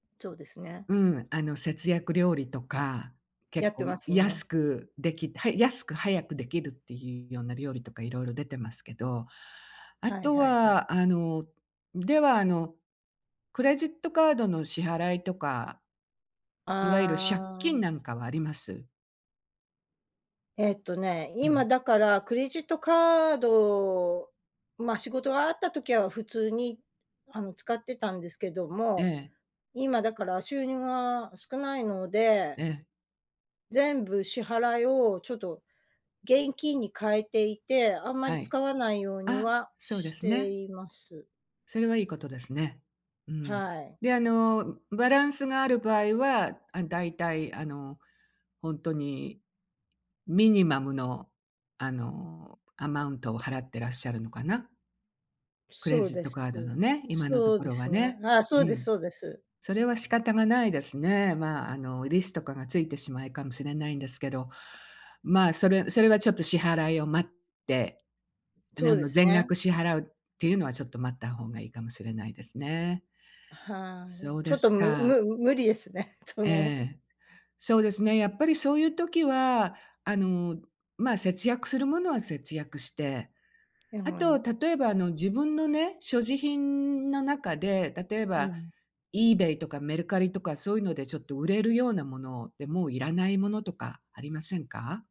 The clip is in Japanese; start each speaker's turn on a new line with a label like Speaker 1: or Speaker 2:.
Speaker 1: そうですね。
Speaker 2: うん、あの、節約料理とか、
Speaker 1: や
Speaker 2: 結
Speaker 1: っ
Speaker 2: 構
Speaker 1: てますね。
Speaker 2: 安く出来はい、安く早く出来るって言うような料理とか、色々出てますけど、
Speaker 1: はい
Speaker 2: 後
Speaker 1: はいはい。
Speaker 2: は、あの、では、あの、クレジットカードの支払いとかいわゆる借
Speaker 1: あ
Speaker 2: 金なん
Speaker 1: あ。
Speaker 2: かはあります？
Speaker 1: えっとね、
Speaker 2: う
Speaker 1: 今、
Speaker 2: ん。
Speaker 1: だから、クレジットカード、ま、仕事があった時は、普通にあの、使ってたんですけど
Speaker 2: え
Speaker 1: も、
Speaker 2: え。
Speaker 1: 今、だから、収入が少ないので
Speaker 2: ええ。
Speaker 1: 全部支払いを、ちょっと、現金に変えていて、あんまり
Speaker 2: はい、
Speaker 1: 使わないように
Speaker 2: あ、
Speaker 1: は
Speaker 2: そうで
Speaker 1: し
Speaker 2: す
Speaker 1: て
Speaker 2: ね。
Speaker 1: います。
Speaker 2: それは、良い事ですね、うん、
Speaker 1: はい。
Speaker 2: で、あの、バランスがある場合は、あ、大体、あの、本当にミニマムの、あの、アマウントを払ってらっしゃるのかな？クレ
Speaker 1: そう
Speaker 2: ジッ
Speaker 1: で
Speaker 2: ト
Speaker 1: す、
Speaker 2: カードのね、今のと
Speaker 1: そう
Speaker 2: こ
Speaker 1: で
Speaker 2: ろは
Speaker 1: すね、
Speaker 2: ね、
Speaker 1: あ、そ
Speaker 2: う
Speaker 1: うです
Speaker 2: ん、
Speaker 1: そうです。
Speaker 2: それは、仕方がないですね、まあ、あの、利子とかが付いてしまいかもしれないんですけど、まあ、それそれは、ちょっと、支払いを待って、あ
Speaker 1: そうで
Speaker 2: の、
Speaker 1: す
Speaker 2: 全
Speaker 1: ね。
Speaker 2: 額支払うって言うのは、ちょっと、待った方が良いかもしれないですね。
Speaker 1: はい、
Speaker 2: そう
Speaker 1: ちょ
Speaker 2: で
Speaker 1: っ
Speaker 2: す
Speaker 1: と、む
Speaker 2: か。
Speaker 1: む無理ですね、そ
Speaker 2: え
Speaker 1: の。
Speaker 2: え、そうですね、やっぱり、そう言う時は、あの、ま、節約する物は、節約して、
Speaker 1: はい。
Speaker 2: 後、例えば、あの、自分のね、所持品の中で、例え
Speaker 1: う
Speaker 2: ば、
Speaker 1: ん。
Speaker 2: イーベイとか、メルカリとか、そう言うので、ちょっと売れるような物で、もう要らない物とかありませんか？